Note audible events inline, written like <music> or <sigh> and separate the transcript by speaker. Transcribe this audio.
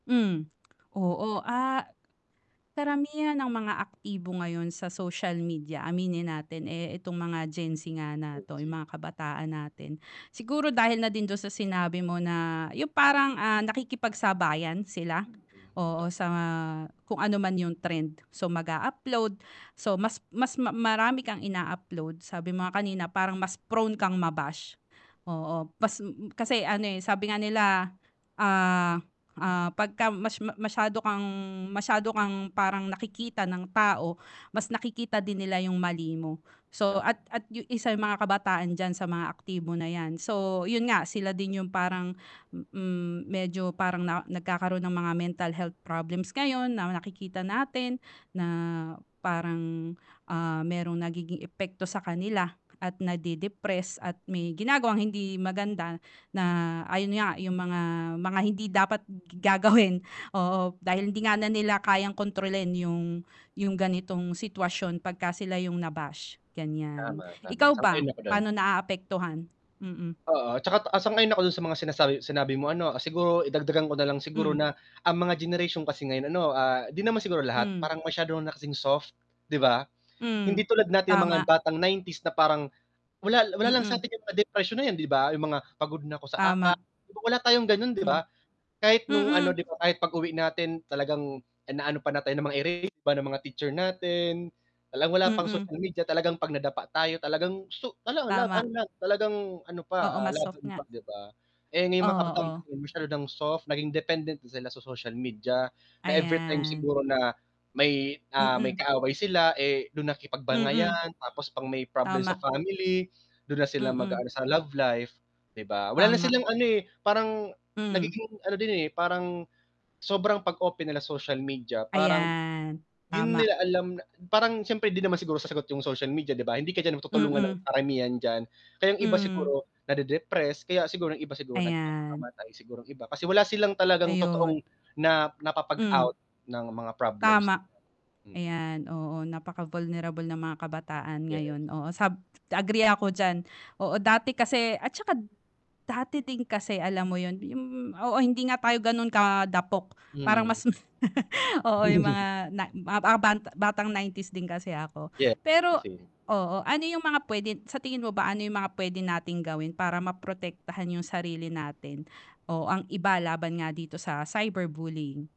Speaker 1: Hmm, oo, ah, karamihan ng mga aktibo ngayon sa social media aminin natin, eh, itong mga Gen Z nga na
Speaker 2: Gen
Speaker 1: 'to, yung
Speaker 2: Z.
Speaker 1: mga kabataan natin, siguro dahil na din dun sa sinabi mo na yung parang, ah, nakikipagsabayan sila,
Speaker 2: Mm
Speaker 1: oo,
Speaker 2: ta
Speaker 1: sa mga kung ano man yung trend, so, mag-a-upload, so, mas mas ma marami kang ina-upload, sabi mo nga kanina, parang mas prone kang ma-bash, oo, kas kasi ano, eh, sabi nga nila, ah, ah, 'pag ka mas masyado kang, masyado kang parang nakikita ng tao, mas nakikita din nila yung mali mo, so,
Speaker 2: Ta
Speaker 1: at at yun isa yung mga kabataan diyan sa mga aktibo na' yan, so, yun nga sila din yung parang, mm, medyo parang nagkakaroon ng mga mental health problems ngayon na nakikita natin, na parang, ah, merong nagiging epekto sa kanila, at na-de-depress, at may ginagawang hindi maganda, na ayun nga yung mga mga hindi dapat gagawin, oo, dahil hindi nga na nila kayang kontrolin yung yung ganitong sitwasyon 'pag ka sila yung na-bash, gan'yan,
Speaker 2: Tama, tama
Speaker 1: ikaw ba,
Speaker 2: sang-ayon ako don.
Speaker 1: paano naapektuhan? Mm.
Speaker 2: Oo, 'tsaka ta ah, sang-ayon ako dun sa mga sinasabi sinabi mo ano, siguro, eh, dagdagan ko nalang, siguro
Speaker 1: Hmm.
Speaker 2: na ang mga generation kasi ngayon ano, ah, 'di naman siguro lahat,
Speaker 1: Hmm.
Speaker 2: parang masyado na kasing soft, 'di ba?
Speaker 1: Hmm,
Speaker 2: Hindi tulad natin mga
Speaker 1: tama.
Speaker 2: batang 90s, na parang wala wala lang
Speaker 1: Mm.
Speaker 2: satin yung mga depression na 'yan 'di ba, yung mga pagod na ako sa
Speaker 1: Tama.
Speaker 2: acads, wala tayong gano'n, di
Speaker 1: Hmm.
Speaker 2: ba? Kahit nung ano, 'di
Speaker 1: Mm.
Speaker 2: ba, kahit pag-uwi natin talagang inaano pa nga tayo ng mga ere ba ng mga teacher natin. Talagang wala pang
Speaker 1: Mm.
Speaker 2: social media, talagang 'pag nadapa tayo, talagang so wala, laban
Speaker 1: Tama.
Speaker 2: lang, talagang ano
Speaker 1: Oo,
Speaker 2: pa, ah,
Speaker 1: mas soft
Speaker 2: laban
Speaker 1: nga.
Speaker 2: pa, 'di ba? Eh, ngayon mga kabataan
Speaker 1: Oo.
Speaker 2: kasi masyado ng soft, naging dependent na sila sa social media, na everytime
Speaker 1: Ayan.
Speaker 2: siguro na may, ah, may
Speaker 1: Mm.
Speaker 2: kaaway sila, eh, dun
Speaker 1: Mm.
Speaker 2: nakikipag-bangayan tapos pag may problem sa
Speaker 1: Tama.
Speaker 2: family dun na sila
Speaker 1: Mm.
Speaker 2: mag-aano sa love life, 'di ba? Wala na
Speaker 1: Tama.
Speaker 2: silang ano, eh, parang
Speaker 1: Hmm.
Speaker 2: nagiging ano din, eh, parang sobrang 'pag open nila social media parang,
Speaker 1: Ayan,
Speaker 2: 'di na
Speaker 1: tama.
Speaker 2: nila alam na parang s'yempre hindi naman siguro sasagot yung social media 'di ba, hindi ka diyan matutulungan ng
Speaker 1: Mm.
Speaker 2: karamihan diyan, kaya yung iba
Speaker 1: Hmm.
Speaker 2: siguro na-de-depress, kaya siguro yung iba siguro
Speaker 1: Ayan.
Speaker 2: nagpapakamatay, siguro yung iba, kasi wala silang talagang totoong
Speaker 1: Ayun.
Speaker 2: na
Speaker 1: Hmm.
Speaker 2: napapag-out ng mga problems.
Speaker 1: Tama, ayan, oo, napaka-vulnerable ng mga kabataan
Speaker 2: Yes.
Speaker 1: ngayon, oo, sab agree ako diyan, oo. Dati kasi at tsaka dati din kasi alam mo yun, yung oo, hindi nga tayo gano'n kadapok, parang
Speaker 2: Mhm.
Speaker 1: mas <laughs> oo yung
Speaker 2: <chuckles>
Speaker 1: mga na mga ba ba batang 90s din kasi ako,
Speaker 2: Yeah.
Speaker 1: pero
Speaker 2: Same, same.
Speaker 1: oo, ano yung mga p'wede sa tingin mo ba ano yung mga p'wede nating gawin para ma-protektahan yung sarili natin, o ang iba laban nga dito sa cyberbullying?